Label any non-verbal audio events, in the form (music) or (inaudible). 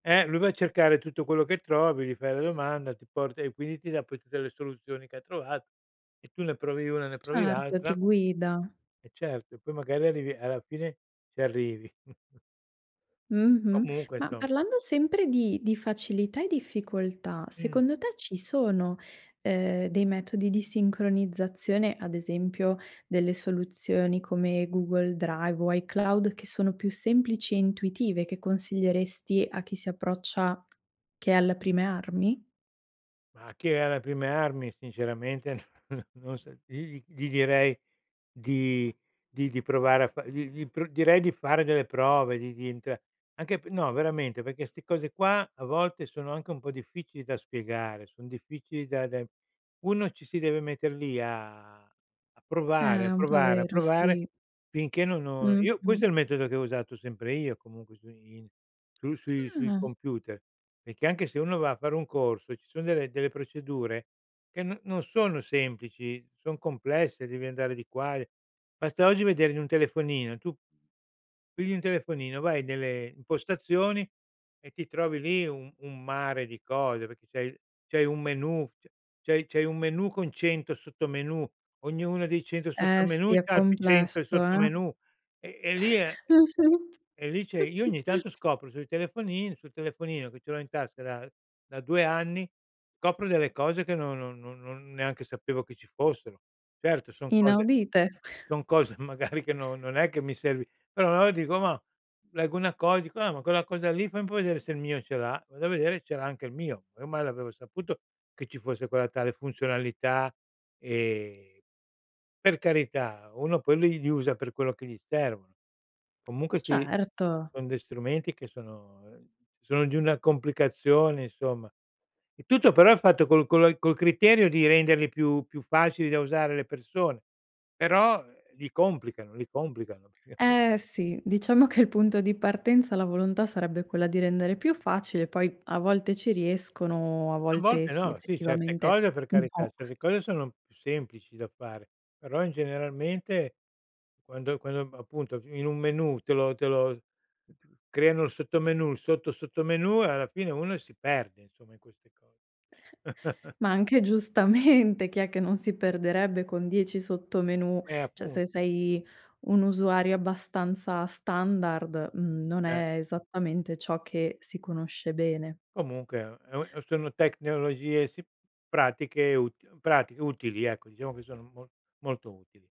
Eh, lui va a cercare tutto quello che trovi, gli fai la domanda, ti porta e quindi ti dà poi tutte le soluzioni che ha trovato e tu ne provi una e ne provi Certo, ti l'altra. guida. Eh, certo, e poi magari arrivi alla fine ci arrivi. (chuckles) Mh-mh. Comunque, Ma insomma. parlando sempre di di facilità e difficoltà, Mh. secondo te ci sono, ehm, dei metodi di sincronizzazione, ad esempio delle soluzioni come Google Drive o iCloud che sono più semplici e intuitive che consiglieresti a chi si approccia che è alla prime armi? Ma chi è alle prime armi sinceramente (chuckles) non so dirgli gli direi di di di provare a fa gli gli pr direi di fare delle prove, di di entra anche pe no, veramente, perché ste cose qua a volte sono anche un po' difficili da spiegare, son difficili da da uno ci si deve mettere lì a a Eh, provare, a è un po' provare, a vero, provare sì. finché non ho io questo Mh-mh. è il metodo che ho usato sempre io comunque su in sui sui sui Ah! computer. Perché anche se uno va a fare un corso e ci son delle delle procedure che no non sono semplici, son complesse, devi andare di qua e basta oggi vedere in un telefonino, tu pigli un telefonino vai nelle impostazioni e ti trovi lì un un mare di cose, perché c'hai il c'hai un menù, c c'hai c'hai un menù con 100 sottomenù, ognuno dei 100 Eh, sottomenù sì, è c'ha altri 100 complesso, eh. sottomenù, e e lì è e Mh-mh. e lì c'è io ogni (chuckles) tanto scopro sui telefonini sul telefonino che ce l'ho in tasca da da 2 anni, copro delle cose che non non non non neanche sapevo che ci fossero. Certo son cose Inaudite. (chuckles) son cose magari che non non è che mi servi, però allora dico: "Ma" leggo una cosa dico: "Ah, ma quella cosa lì fai un po' vedere se il mio ce l'ha." Vado a vedere e ce l'ha anche il mio. Ormai l'avevo saputo che ci fosse quella tale funzionalità, ehm, per carità, uno poi li li usa per quello che gli servono. Comunque sì, Certo. son dei strumenti che sono, ehm, sono di una complicazione, insomma. E tutto però è fatto col co la col criterio di renderli più più facili da usare alle persone, però, ehm, li complicano li complicano. Eh, (chuckles) sì. Diciamo che il punto di partenza la volontà sarebbe quella di rendere più facile. Poi a volte ci riescono, a A volte volte sì, no. Sì, certe effettivamente cose per carità, no. certe cose sono più semplici da fare. Però, in generalmente quando quando, ehm, appunto f in un menù te lo te lo creano il sottomenù, il sotto sottomenù e alla fine uno si perde, insomma, in queste cose. (chuckles) Ma anche giustamente, chi è che non si perderebbe con 10 sottomenù? Eh, Cioè, se appunto. sei un usuario abbastanza standard, mhmm, non Eh. è esattamente ciò che si conosce bene. Comunque, è un e un eh, sono tecnologie si pratiche util pratiche utili, ecco, diciamo che sono mol molto utili.